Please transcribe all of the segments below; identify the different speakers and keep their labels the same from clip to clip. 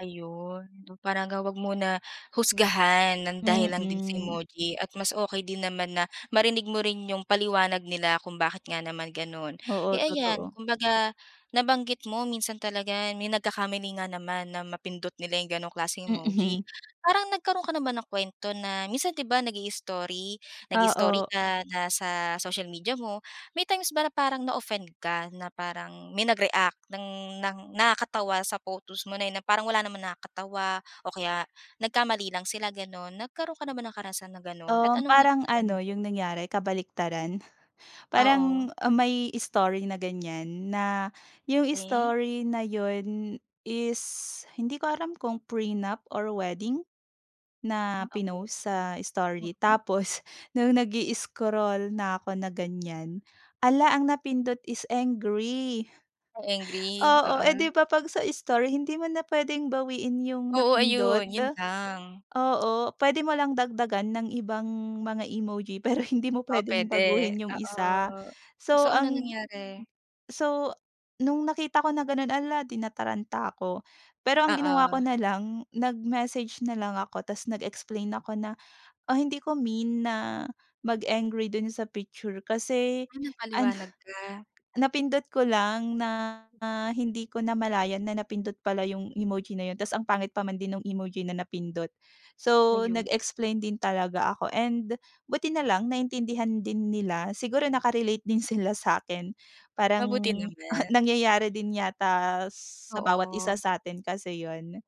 Speaker 1: Ayun, para nga huwag muna husgahan ng dahil lang din si
Speaker 2: Mm.
Speaker 1: emoji at mas okey din naman na marinig mo rin 'yung paliwanag nila kung bakit nga naman gano'n.
Speaker 2: Oo,
Speaker 1: Eh, ayan
Speaker 2: totoo.
Speaker 1: kumbaga nabanggit mo minsan talaga may nagkakamali nga naman na mapindot nila 'yung gano'ng klaseng emoji.
Speaker 2: Mm.
Speaker 1: Parang nagkaroon ka na ba ng kuwento na minsan 'di ba, nag-i-story nag-i-story
Speaker 2: Oo.
Speaker 1: ka na sa social media mo, may times ba parang na-offend ka na parang may nag-react ng ng nakakatawa sa photos mo na 'yon na parang wala namang nakakatawa o kaya nagkamali lang sila gano'n. Nagkaroon ka na ba ng karanasan na gano'n at
Speaker 2: Um,
Speaker 1: anong
Speaker 2: parang
Speaker 1: naramdaman
Speaker 2: ano
Speaker 1: mo?
Speaker 2: 'yung nangyari kabaliktaran. Parang
Speaker 1: Oo.
Speaker 2: may story na ganiyan na 'yung
Speaker 1: Weh?
Speaker 2: story na 'yun is hindi ko alam kung prenup or wedding na
Speaker 1: Ah, okey.
Speaker 2: pinost sa story
Speaker 1: Mm.
Speaker 2: tapos no'ng nag-i-scroll na ako na ganiyan, ala ang napindot is angry.
Speaker 1: 'Yung angry,
Speaker 2: Oo, eh,
Speaker 1: oo.
Speaker 2: 'di ba, 'pag sa story hindi mo na puwedeng bawiin 'yung
Speaker 1: Oo, ayun.
Speaker 2: napindot.
Speaker 1: 'Yun lang.
Speaker 2: Oo, puwede mo lang dagdagan ng ibang mga emoji pero hindi mo
Speaker 1: Oh,
Speaker 2: puwedeng
Speaker 1: puwede
Speaker 2: baguhin 'yung
Speaker 1: oo.
Speaker 2: isa so
Speaker 1: So anong
Speaker 2: ang
Speaker 1: nangyari?
Speaker 2: so no'ng nakita ko na gano'n, ala, eh, di nataranta ako. Pero ang ginawa ko
Speaker 1: Oo.
Speaker 2: nalang nag-message nalang ako tas nag-explain ako na, ah, hindi ko mean na mag-angry do'n sa picture kasi
Speaker 1: Ah,
Speaker 2: ano
Speaker 1: nagpaliwanag ka.
Speaker 2: napindot ko lang na hindi ko namalayan na napindot pala 'yung emoji na 'yun tas ang pangit pa man din nung emoji na napindot. So
Speaker 1: Ayun.
Speaker 2: nag-explain din talaga ako and buti nalang naiintindihan din nila, siguro naka-relate din sila sa'kin parang
Speaker 1: Mabuti naman.
Speaker 2: nangyayari din yata sa bawat isa
Speaker 1: Oo.
Speaker 2: sa atin kasi 'yun.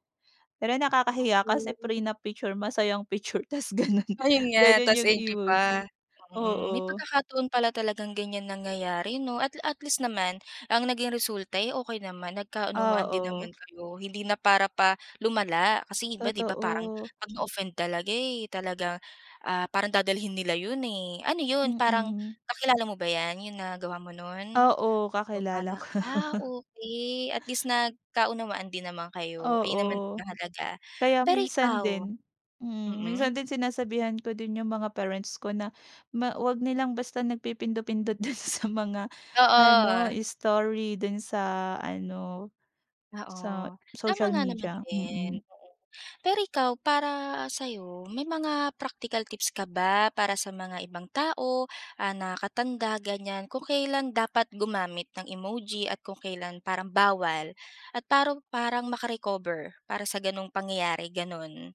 Speaker 2: Pero nakakahiya kasi
Speaker 1: Sa'tin.
Speaker 2: prenup na picture masaya ang picture tas gano'n,
Speaker 1: Ayun nga,
Speaker 2: gano'n
Speaker 1: tas
Speaker 2: 'yung
Speaker 1: angry pa.
Speaker 2: emoji.
Speaker 1: Mm, may
Speaker 2: Oo.
Speaker 1: pagkakataon pala talagang ganiyan nangyayari 'no, at at least naman ang naging resulta, eh, okey naman, nagkaunawaan din naman
Speaker 2: Oo.
Speaker 1: kayo. Hindi na para pa lumala kasi iba 'di ba parang
Speaker 2: Totoo.
Speaker 1: 'pag na-offend talaga eh, ah, parang dadalhin nila 'yun, eh. Ano 'yun, parang
Speaker 2: Mm.
Speaker 1: kakilala mo ba 'yan, 'yung nagawa mo no'n
Speaker 2: Oo,
Speaker 1: o
Speaker 2: kakilala
Speaker 1: para
Speaker 2: ko.
Speaker 1: ah, okey at least nagkaunawaan din naman kayo, ayun
Speaker 2: Oo,
Speaker 1: naman ang mahalaga.
Speaker 2: kaya
Speaker 1: Pero
Speaker 2: minsan
Speaker 1: ikaw?
Speaker 2: din, mm,
Speaker 1: Mm.
Speaker 2: minsan din sinasabihan ko din 'yung mga parents ko na, ma huwag nilang basta nagpipindot-pindot do'n sa mga ano,
Speaker 1: Oo.
Speaker 2: story do'n sa ano, sa
Speaker 1: Oo, tama
Speaker 2: social
Speaker 1: nga naman
Speaker 2: media.
Speaker 1: din,
Speaker 2: Mm.
Speaker 1: oo. Pero ikaw para sa'yo, may mga practical tips ka ba para sa mga ibang tao, ah, nakakatanda ganiyan kung kailan dapat gumamit ng emoji at kung kailan parang bawal at parong parang maka-recover para sa gano'ng pangyayari gano'n?